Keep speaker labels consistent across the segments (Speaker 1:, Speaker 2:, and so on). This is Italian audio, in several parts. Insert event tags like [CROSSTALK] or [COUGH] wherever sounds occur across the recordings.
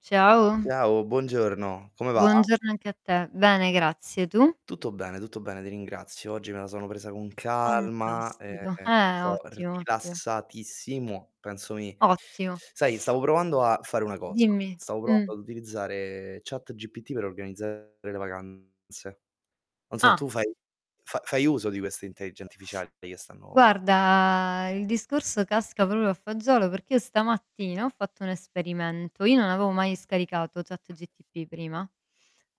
Speaker 1: Ciao.
Speaker 2: Ciao, buongiorno, come va?
Speaker 1: Buongiorno anche a te. Bene, grazie, tu?
Speaker 2: Tutto bene, tutto bene, ti ringrazio. Oggi me la sono presa con calma,
Speaker 1: Fantastico.
Speaker 2: ehm,
Speaker 1: Eh,
Speaker 2: sto
Speaker 1: ottimo, ottimo.
Speaker 2: rilassatissimo, penso mi
Speaker 1: Ottimo.
Speaker 2: sai, stavo provando a fare una cosa.
Speaker 1: Dimmi.
Speaker 2: Stavo
Speaker 1: Mh.
Speaker 2: provando ad utilizzare ChatGPT per organizzare le vacanze. Non so,
Speaker 1: Ah.
Speaker 2: tu fai fa fai uso di queste intellige artificiali che stanno
Speaker 1: Guarda, il discorso casca proprio a fagiolo, perché io stamattina ho fatto un esperimento. Io non avevo mai scaricato ChatGPT prima.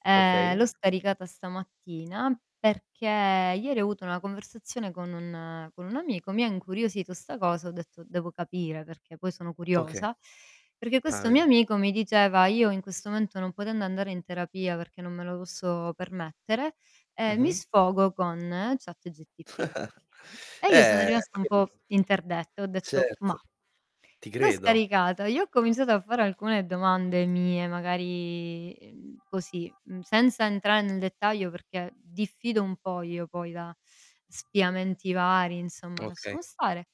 Speaker 1: Ehm, l'ho
Speaker 2: Okay.
Speaker 1: scaricata stamattina, perché ieri ho avuto una conversazione con un con un amico, mi ha incuriosito 'sta cosa, ho detto: "Devo capire", perché poi sono
Speaker 2: Okay.
Speaker 1: curiosa, perché
Speaker 2: Ah,
Speaker 1: questo mio
Speaker 2: vedi.
Speaker 1: amico mi diceva: "Io in questo momento non potendo andare in terapia perché non me lo posso permettere, ehm, mi
Speaker 2: Mh-mh.
Speaker 1: sfogo con ChatGPT".
Speaker 2: [CHUCKLES]
Speaker 1: E io sono
Speaker 2: Eh,
Speaker 1: rimasta un
Speaker 2: quel
Speaker 1: po' interdetta, ho detto:
Speaker 2: Certo,
Speaker 1: "Mah".
Speaker 2: ti
Speaker 1: L'ho
Speaker 2: credo.
Speaker 1: scaricato, gli ho cominciato a fare alcune domande mie, magari, ehm, così, mhmm, senza entrare nel dettaglio perché diffido un po' io poi da spiamenti vari- insomma,
Speaker 2: Okay.
Speaker 1: lasciamo stare-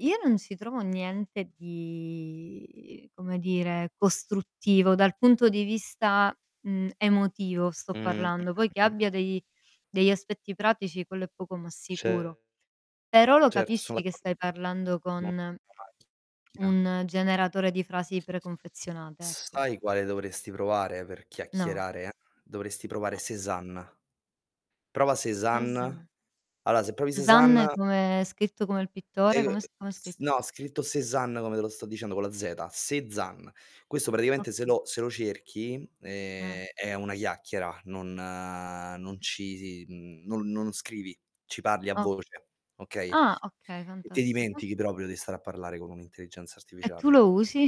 Speaker 1: io non ci trovo niente di, come dire, costruttivo dal punto di vista, mhmm, emotivo sto
Speaker 2: Mh.
Speaker 1: parlando; poi
Speaker 2: [UNINTELLIGIBLE]
Speaker 1: che
Speaker 2: Mh.
Speaker 1: abbia dei degli aspetti pratici quello è poco ma sicuro.
Speaker 2: Cer
Speaker 1: Però lo
Speaker 2: certo, so'
Speaker 1: capisci che
Speaker 2: d'acco
Speaker 1: stai parlando
Speaker 2: Mh,
Speaker 1: con
Speaker 2: immagi [UNINTELLIGIBLE]
Speaker 1: un generatore di frasi preconfezionate, ecco.
Speaker 2: Sai quale dovresti provare per
Speaker 1: No.
Speaker 2: chiacchierare? Dovresti provare
Speaker 1: Eh.
Speaker 2: Sezan. Prova
Speaker 1: Esa
Speaker 2: Sezan. Allora, se provi Sezan
Speaker 1: Cézanne come scritto come il
Speaker 2: E
Speaker 1: pittore?
Speaker 2: uhm,
Speaker 1: Com'è sc com'è
Speaker 2: s
Speaker 1: scritto?
Speaker 2: no, scritto Sezan come te lo sto dicendo, co' la zeta: "SE ZAN". Questo praticamente se
Speaker 1: Okay.
Speaker 2: lo se lo cerchi n
Speaker 1: Ah.
Speaker 2: ehm, è una chiacchiera, non non ci si mhmm, non non scrivi, ci parli a
Speaker 1: Oh.
Speaker 2: voce, okay.
Speaker 1: Ah okay,
Speaker 2: Ti
Speaker 1: fantastico.
Speaker 2: dimentichi proprio de stare a parlare con un'intelligenza
Speaker 1: E tu
Speaker 2: artificiale.
Speaker 1: lo usi?